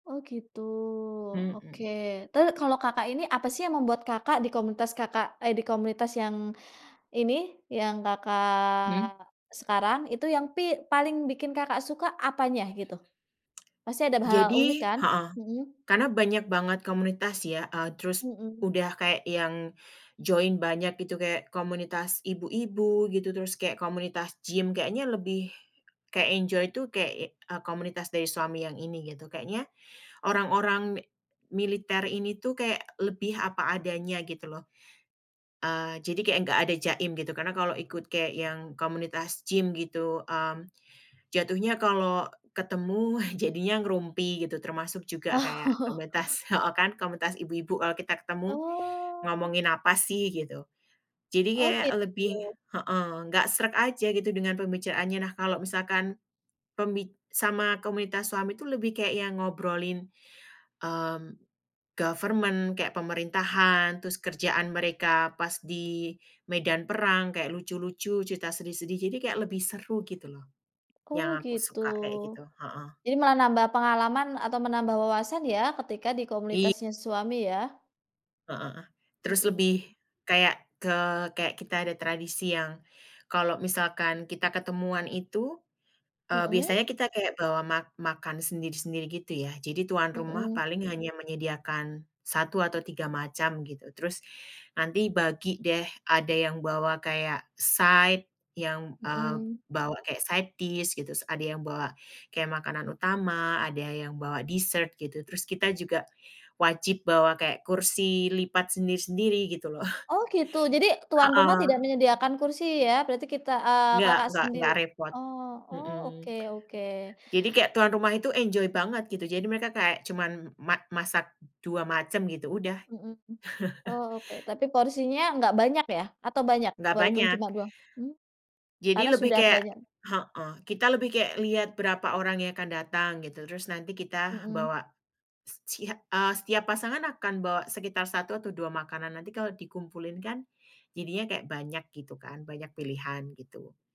Oh, gitu. Oke, Mhm. terus kalau Kakak ini, apa sih yang membuat Kakak di komunitas Kakak, eee, di komunitas yang, ini, yang Mmm. Kakak sekarang, itu yang, pi paling bikin Kakak suka, apanya gitu? Pasti ada be hal-hal unik Jadi kan? heeh, Mhm. karena banyak banget komunitas ya, eee, terus Mhm. udah kayak yang join banyak itu, kayak komunitas ibu-ibu gitu, terus kayak komunitas gym, kayaknya lebih kayak enjoy tu, kayak, eee, komunitas dari suami yang ini gitu, kayaknya orang-orang mi militer ini tuh, kayak lebih apa adanya gitu loh. Eee, jadi kek enggak ada jaim gitu, karena kalau ikut kek yang komunitas gym gitu, mmm, jatuhnya kalo ketemu, jadinya ngerumpi, gitu, termasuk juga Oh. kayak komunitas heeh kan, komunitas ibu-ibu kalau kita ketemu, Oh. ngomongin apa sih, gitu. Jadi Oh kayak gitu. lebih heeh, enggak sreg aja gitu dengan pembicaraannya. Nah kalau misalkan, pembi sama komunitas suami tu lebih kayak yang ngobrolin, mmm, government, kayak pemerintahan, terus kerjaan mereka pas di medan perang, kayak lucu-lucu, cerita sedih-sedih, jadi kayak lebih seru gitu loh. Oh Yang aku gitu. suka kayak gitu. Heeh. Jadi malah nambah pengalaman atau menambah wawasan ya, ketika di Iy komunitasnya suami ya. Heeh, terus Mhm. lebih, kayak ke kayak kita ada tradisi yang, kalau misalkan kita ketemuan itu, eee, Mhm. biasanya kita kayak bawa ma makan sendiri-sendiri gitu ya. Jadi tuan rumah Mhm. paling hanya menyediakan 1 atau 3 macam gitu, terus nanti bagi deh, ada yang bawa kayak side, yang, eee, Mhm. bawa kayak side dish gitu, ada yang bawa kayak makanan utama, ada yang bawa dessert gitu, terus kita juga wajib bawa kayak kursi lipat sendiri-sendiri gitu loh. Oh gitu? Jadi tuan rumah tidak Heeh. menyediakan kursi ya, berarti kita, eee, Nggak Kakak nggak sendiri nggak repot. oh oh, Heeh. oke oke. Jadi kayak tuan rumah itu enjoy banget gitu, jadi mereka kayak cuman ma masak 2 macem gitu, udah. Mhm. Oh, oke, tapi porsinya nggak banyak ya? Atau banyak? Nggak Walaupun banyak. cuma 2 mmm? Jadi Karena lebih sudah kayak banyak heeh, kita lebih kayak lihat berapa orang yang akan datang gitu, terus nanti kita Mhm. bawa, secia eee, setiap pasangan akan bawa sekitar 1 atau 2 makanan, nanti kalau dikumpulin kan, jadinya kayak banyak gitu kan, banyak pilihan gitu.